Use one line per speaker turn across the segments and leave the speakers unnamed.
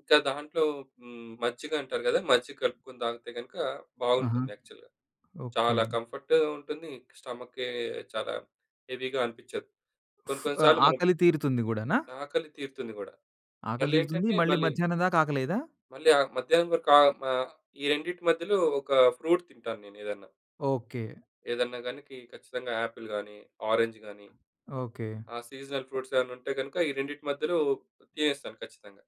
ఇంకా దాంట్లో హ్మ్. మజ్జిగంటారు గదా మజ్జిగ కలుపుకొని తాగితే గనుక
ఆహా!
బావుంటుంది యాక్చువల్‌గా.
ఓకే.
చాలా కంఫర్ట్‌ ఉంటుంది స్టమకే చాలా హెవీ‌గా అనిపిచ్చదు. కొన్ని కొన్ని
ఆ
సార్లు మనం
ఆకలి తీరుతుంది కూడానా?
ఆకలి తీరుతుంది గూడా.
ఆకలి తీరుతుంది.
మళ్లేంటంటే
మళ్ళీ
మళ్ళి...
మధ్యాహ్నం దాకా ఆకలేయదా?
మళ్ళీ ఆహ్, మధ్యాహ్నం వరకు ఆహ్, మ ఈ రెండిటి మధ్యలో ఒక ఫ్రూట్ తింటాను నేనేదన్నా.
ఓకే.
ఏదన్నా గాని కి ఖచ్చితంగా ఆపిల్ గాని, ఆరంజ్ గాని
ఓకే.
ఆ సీజనల్ ఫ్రూట్స్ ఏమైనా ఉంటే కనుక, ఈ రెండిటి మధ్యలో తినేస్తాను ఖచ్చితంగా.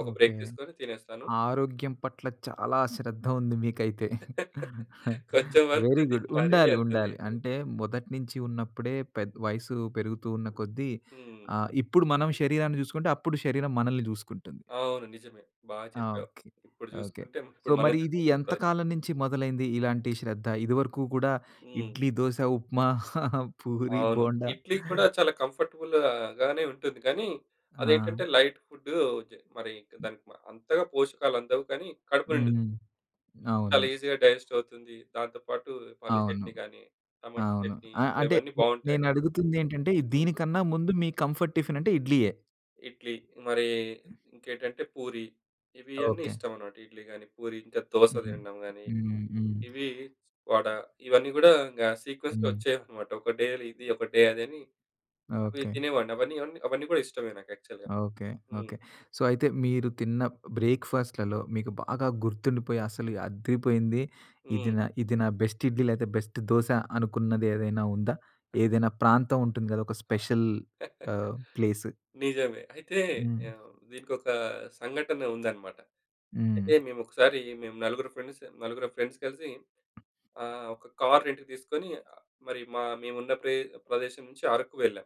ఒక
ఓకే.
బ్రేక్ తీసుకొని తినేస్తాను.
ఆరోగ్యం పట్ల చాలా శ్రద్ధ ఉంది మీకైతే
కొంచెం వరకు
వెరీ
తిని
గుడ్
మరీ
ఉండాలి.
అంత
ఉండాలి.
లేదు.
అంటే మొదటి నుంచి ఉన్నప్పుడే పె వయసు పెరుగుతూ ఉన్న కొద్దీ
హ్మ్.
ఆహ్, ఇప్పుడు మనం శరీరాన్ని చూసుకుంటే అప్పుడు శరీరం మనల్ని చూసుకుంటుంది.
అవును. నిజమే. బా
ఆ!
చెప్పావు.
ఓకే.
ఇప్పుడు
ఓకే.
చూసుకుంటే
సో
ఇప్పుడు మనం
మరి ఇది
చూసుకుంటే
ఎంత
అప్పుడు
కాలం నుంచి మొదలైంది ఇలాంటి శ్రద్ధ? ఇది వరకు గూడా
హ్మ్.
ఇడ్లీ, దోస ఉప్మా, పూరి,
అవును.
బోండా.
ఇడ్లీ కూడా చాలా కంఫర్టబుల్‌గానే ఉంటుంది గానీ, అది
ఆ!
ఏంటంటే లైట్ ఫుడ్. జ మరి ఇంక అంతగా పోషకాలందవు కానీ కడుపు
హుహు.
నిండుతుంది.
అవును.
చాలా ఈజీ‌గా డైజెస్ట్ అవుతుంది. దానితో పాటు పల్లి
అవును.
చట్నీ గానీ, టమాటా
అవును.
చట్నీ
ఆహ్, అంటే
ఇవన్నీ బావుంటయి
నేను
యాక్చుల్లి.
అడుగుతుందేంటంటే
హ్మ్.
దీనికన్నా ముందు మీ కంఫర్ట్ టిఫిన్ అంటే ఇడ్లీయే.
ఇడ్లీ మరి ఇంకేంటంటే పూరి ఇవి అన్నీ
ఓకే.
ఇష్టమనమాట. ఇడ్లీ గాని పూరి ఇంకా దోస
హ్మ్.
తినడం గానీ.
హ్మ్. హ్మ్.
ఇవి వడ ఇవన్నీ గూడా ఇంగ సీక్వెన్స్‌లో
హ్మ్.
వచ్చేవన్నమాట. ఒక డే ఇది, ఒక డే అదని అవి
ఓకే.
తినేవాడిని అవన్నీ, అవన్నీ కూడా ఇష్టమే నాకు యాక్చువల్‌గా.
ఓకే.
హ్మ్.
ఓకే. సో అయితే మీరు తిన్న బ్రేక్‌ఫాస్ట్‌లలో మీకు బాగా గుర్తుండిపోయి అసలు అద్దిరిపోయింది. ఇది
హ్మ్.
నా ఇది నా బెస్ట్ ఇడ్లీ లేతే బెస్ట్ దోస అనుకున్నది ఏదైనా ఉందా? ఏదైనా ప్రాంతముంటుంది గదా! ఒక స్పెషల్ ఆహ్, ప్లేస్?
నిజమే. అయితే
హ్మ్.
ఆహ్, దీనికొక సంఘటనుందనమాట.
హ్మ్.
అయితే మేమొకసారి మేము నలుగురు ఫ్రెండ్స్ నలుగురం ఫ్రెండ్స్ కలిసి ఆహ్, ఒక కార్ రెంట్‌కి తీసుకొని మరి మ మేమున్న ప్రే ప్రదేశం నుంచి అరకు వెళ్ళాం.